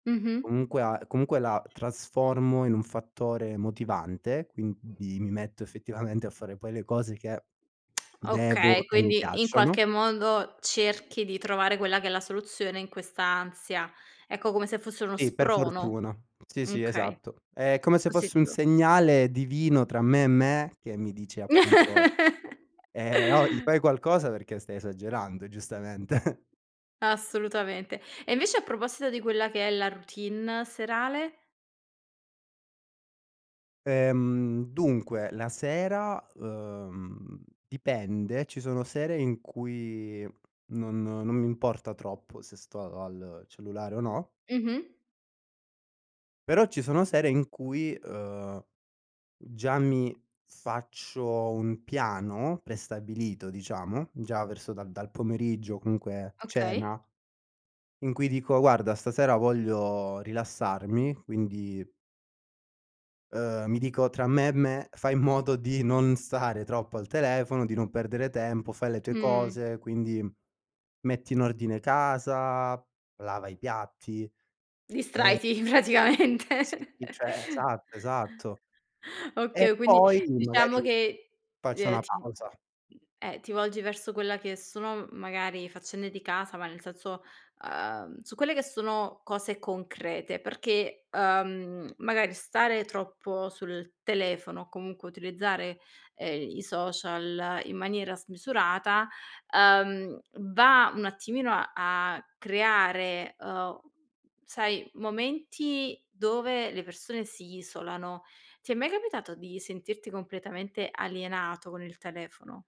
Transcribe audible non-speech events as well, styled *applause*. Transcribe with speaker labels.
Speaker 1: Mh-mh.
Speaker 2: Comunque a comunque la trasformo in un fattore motivante, quindi mi metto effettivamente a fare poi le cose che
Speaker 1: Okay,
Speaker 2: devo e mi
Speaker 1: quindi in
Speaker 2: piacciono.
Speaker 1: qualche modo cerchi di trovare quella che è la soluzione in questa ansia. Ecco, come se fosse uno
Speaker 2: Sì, per
Speaker 1: sprono.
Speaker 2: fortuna. Sì, sì,
Speaker 1: Okay.
Speaker 2: esatto. È come se fosse un
Speaker 1: Positivo.
Speaker 2: segnale divino tra me e me, che mi dice appunto:
Speaker 1: *laughs*
Speaker 2: ehm, "Ohi, fai qualcosa perché stai esagerando”, giustamente.
Speaker 1: Assolutamente. E invece a proposito di quella che è la routine serale?
Speaker 2: Ehm, dunque, la sera, ehm, dipende, ci sono sere in cui non non mi importa troppo se sto a al cellulare o no
Speaker 1: Mh-mh.
Speaker 2: però ci sono sere in cui, ehm, già mi faccio un piano prestabilito, diciamo, già verso dal dal pomeriggio, comunque
Speaker 1: Okay.
Speaker 2: cena, in cui dico: “Guarda, stasera voglio rilassarmi”, quindi ehm, mi dico tra me e me: “Fai in modo di non stare troppo al telefono, di non perdere tempo, fai le tue
Speaker 1: Mh.
Speaker 2: cose, quindi metti in ordine casa, lava i piatti e"
Speaker 1: Distrai ti praticamente.
Speaker 2: sì,
Speaker 1: *chuckles*
Speaker 2: cioè, esatto, esatto. E
Speaker 1: Okay, quindi
Speaker 2: poi,
Speaker 1: diciamo
Speaker 2: magari,
Speaker 1: che,
Speaker 2: faccio
Speaker 1: ehm,
Speaker 2: una
Speaker 1: ti m mhmm,
Speaker 2: pausa.
Speaker 1: eh, ti volgi verso quella che sono, m magari faccende di casa, ma nel senso, ehm, su quelle che sono cose concrete, perché, ehm, magari stare troppo sul telefono o comunque utilizzare, ehm, i social in maniera smisurata, ehm, va un attimino a a creare, ehm, sai momenti dove le persone si isolano. Ti è mai capitato di sentirti completamente alienato con il telefono?